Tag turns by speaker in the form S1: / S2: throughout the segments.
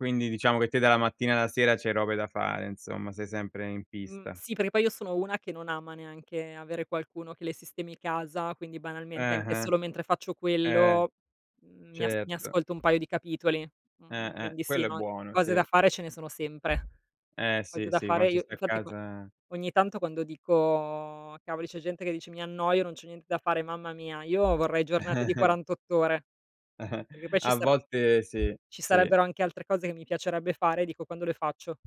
S1: Quindi diciamo che te dalla mattina alla sera c'hai robe da fare, insomma, sei sempre in
S2: Mh,
S1: pista.
S2: sì, perché poi io sono una che non ama neanche avere qualcuno che le sistemi casa, quindi banalmente
S1: Eh,
S2: anche
S1: eh.
S2: solo mentre faccio
S1: Eh!
S2: quello, mhmm, mi as mi
S1: Certo.
S2: ascolto un paio di capitoli. Mhmm,
S1: Eh, eh.
S2: quindi sì,
S1: Quello è
S2: no,
S1: buono,
S2: cose
S1: sì.
S2: da fare ce ne sono sempre,
S1: Eh
S2: cose
S1: sì,
S2: da
S1: sì,
S2: fare
S1: quando ci
S2: io
S1: sta a
S2: infatti quan
S1: casa
S2: ogni tanto quando dico: "Cavoli, c'è gente che dice mi annoio, non c'ho niente da fare, mamma mia!" Io vorrei giornate di 48 ore. Perché poi ci
S1: A
S2: sare
S1: volte sì,
S2: ci
S1: sì.
S2: sarebbero anche altre cose che mi piacerebbe fare, e dico: "Quando le faccio?"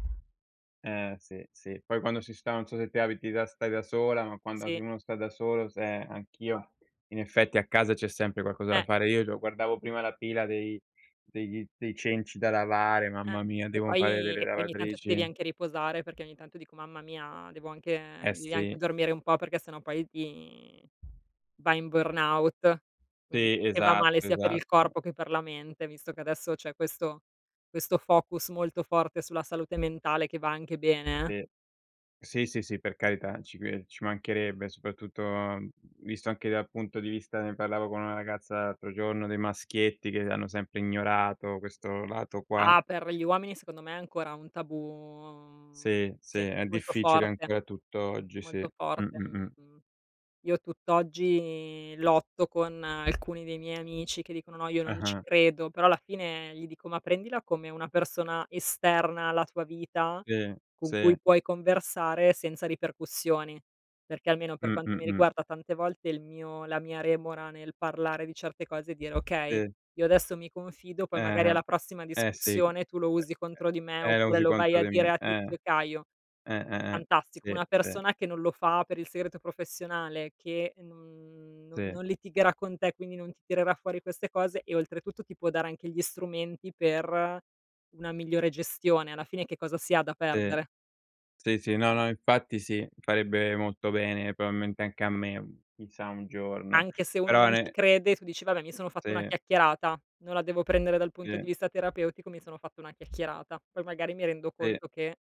S1: Eh sì, sì. Poi quando si sta non so se te abiti da stai da sola, ma quando
S2: Sì.
S1: anche uno sta da solo, se anch'io in effetti a casa c'è sempre qualcosa da
S2: Eh!
S1: fare. Io già guardavo prima la pila dei degli dei cenci da lavare, mamma
S2: Eh.
S1: mia!
S2: E
S1: Devo fare
S2: poi
S1: delle
S2: e poi ogni tanto ti devi
S1: lavatrici.
S2: anche riposare perché ogni tanto dico: "Mamma mia, devo anche
S1: Eh
S2: devi anche
S1: sì.
S2: dormire un po' perché sennò poi vi vai in burnout." Quindi
S1: Sì.
S2: che va male
S1: Esatto,
S2: sia per il
S1: esatto.
S2: corpo che per la mente, visto che adesso c'è questo questo focus molto forte sulla salute mentale che va anche bene, eh.
S1: Sì. Sì, sì, sì, per carità, ci cre ci mancherebbe, soprattutto visto anche dal punto di vista, ne parlavo con una ragazza l'altro giorno, dei maschietti che hanno sempre ignorato questo lato qua.
S2: Ah, per gli uomini secondo me è ancora un tabù
S1: Sì, sì,
S2: sì,
S1: è
S2: molto
S1: difficile
S2: forte.
S1: ancora tutto oggi, sì.
S2: Molto
S1: Mh,
S2: forte,
S1: mh, mh.
S2: mhmm, io tutt'oggi lotto con alcuni dei miei amici che dicono: "No, io non ci
S1: Ah-ah.
S2: credo". Però alla fine gli dico: "Ma prendila come una persona esterna alla tua vita
S1: Sì,
S2: con
S1: sì.
S2: cui puoi conversare senza ripercussioni." Perché, almeno per
S1: Mh,
S2: quanto
S1: mh,
S2: mi
S1: mh.
S2: riguarda, tante volte il mio la mia remora nel parlare di certe cose e dire: "Okay,
S1: Sì.
S2: io adesso mi confido, poi
S1: Eh,
S2: magari
S1: eh,
S2: alla prossima
S1: eh. Eh sì.
S2: discussione tu lo usi contro di me
S1: Eh, la
S2: oppure
S1: usi
S2: lo vai
S1: contro
S2: a
S1: di
S2: dire
S1: me.
S2: a
S1: Eh.
S2: tizio e caio".
S1: Eh, eh, eh.
S2: Fantastico,
S1: Sì,
S2: una
S1: sì.
S2: persona che non lo fa per il segreto professionale, che non non
S1: Sì.
S2: non litigherà con te, quindi non ti tirerà fuori queste cose e oltretutto ti può dare anche gli strumenti per una migliore gestione. Alla fine che cosa si ha
S1: Sì.
S2: perdere?
S1: Sì, sì, no, no, infatti sì, farebbe molto bene probabilmente anche a me, chissà un giorno.
S2: Anche se uno
S1: Però
S2: non ci
S1: ne
S2: crede tu dici: "Vabbè mi sono fatto una
S1: Sì.
S2: chiacchierata, non la devo prendere dal punto
S1: Sì.
S2: di vista terapeutico, mi sono fatto una chiacchierata. Poi magari mi rendo
S1: Sì.
S2: conto che"